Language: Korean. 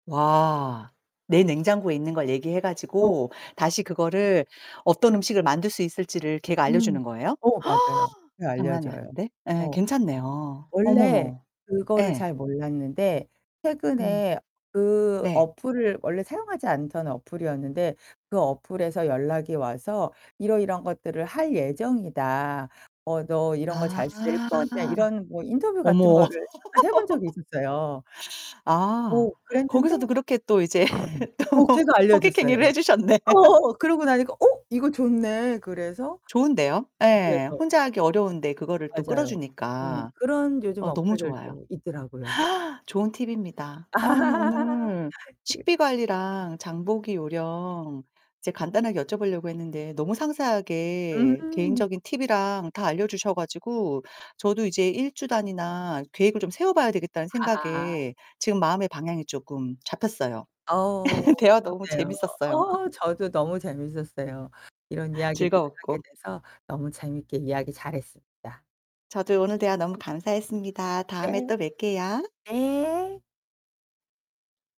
와, 내 냉장고에 있는 걸 얘기해 어. 가지고 다시 맞아요. 그거를 어떤 음식을 만들 수 있을지를 걔가 음. 알려주는 거예요? 어 맞아요. 그렇게 장난이 알려줘요. 아닌데? 예, 어, 괜찮네요. 원래 어머머. 그거를 예. 잘 몰랐는데 음. 최근에 그 네. 어플을 원래 사용하지 않던 어플이었는데 그 어플에서 연락이 와서 "이러이러한 것들을 할 예정이다. 어 너 이런 거 아. 잘 쓸 거냐?" 이런 뭐 인터뷰 같은 어머. 거를 한 해 본 적이 있었어요. 아. 오, 그랬는데. 거기서도 그렇게 또 이제 음. 어, 또 걔가 호객 알려줬어요. 행위를 해 주셨네. 어. 그러고 나니까 '어, 이거 좋네.' 그래서 좋은데요? [unintelligible] 예, 에서. 혼자 하기 어려운데 그거를 또 맞아요. 음, 끌어주니까. 그런 요즘 어 너무 좋아요. 어플들도 있더라고요. 좋은 팁입니다. 아니 오늘 그 식비 관리랑 장보기 요령 이제 간단하게 여쭤보려고 했는데 너무 상세하게 음. 개인적인 팁이랑 다 알려주셔 가지고 저도 이제 1 주 단위나 계획을 좀 세워봐야 되겠다는 아하. 생각에 지금 마음의 방향이 쪼끔 잡혔어요. 어우, 대화 너무 좋네요. 재밌었어요. 어, 저도 너무 재밌었어요. 이런 이야기들을 하게 즐거웠고. 돼서 너무 재밌게 이야기 잘했습니다. 저도요, 오늘 대화 너무 감사했습니다. 다음에 네. 또 뵐게요. 네.